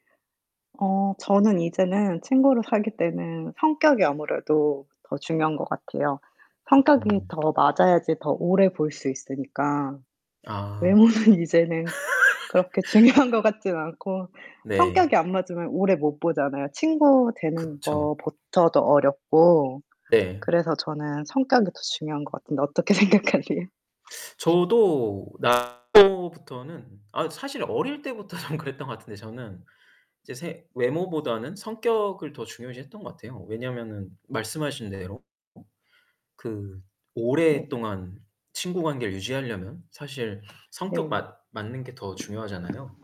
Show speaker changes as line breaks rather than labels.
어 저는 이제는 친구를 사귈 때는 성격이 아무래도 더 중요한 것 같아요. 성격이
음.
더 맞아야지 더 오래 볼 수 있으니까.
아.
외모는 이제는 그렇게 중요한 거 같진 않고.
네.
성격이 안 맞으면 오래 못 보잖아요. 친구 되는
그쵸
것부터도 어렵고.
네.
그래서 저는 성격이 더 중요한 것 같은데 어떻게 생각하세요?
저도 [unintelligible] 부터는 아, 사실 어릴 때부터 좀 그랬던 것 같은데, 저는. 이제 생 외모보다는 성격을 더 중요시했던 것 같아요. 왜냐하면은 말씀하신 대로 그
네.
오랫동안 친구 관계를 유지하려면 사실 성격 맞
네.
맞는 게 더 중요하잖아요.